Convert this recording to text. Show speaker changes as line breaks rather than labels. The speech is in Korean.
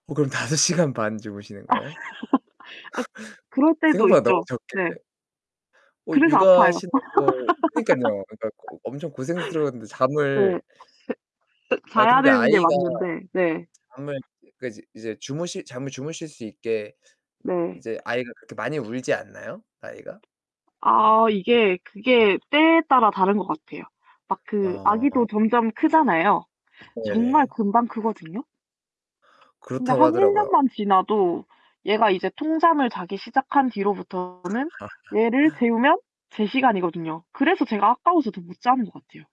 어 그럼 5 시간 반 주무시는 거예요?
아 그럴 때도
생각보다 너무
있죠.
적게
네.
어
그래서 아파요.
육아하시는 거 그러니깐요. 그니까 어 엄청 고생스러운데
네
잠을
그 그
아
자야
근데
되는 게
아이가
맞는데 네.
잠을 그 이제 주무실 잠을 주무실 수 있게
네.
이제 아이가 그렇게 많이 울지 않나요? 아이가? 좀?
아 이게 그게 때에 따라 다른 것 같아요. 막 그 아기도
어.
점점 크잖아요. 정말
네네.
금방 크거든요. 근데
그렇다고
한 1
하더라고요.
년만 지나도 얘가 이제 통잠을 자기 시작한 뒤로부터는 얘를 재우면 제 시간이거든요. 그래서 제가 아까워서 더 못 자는 것 같아요.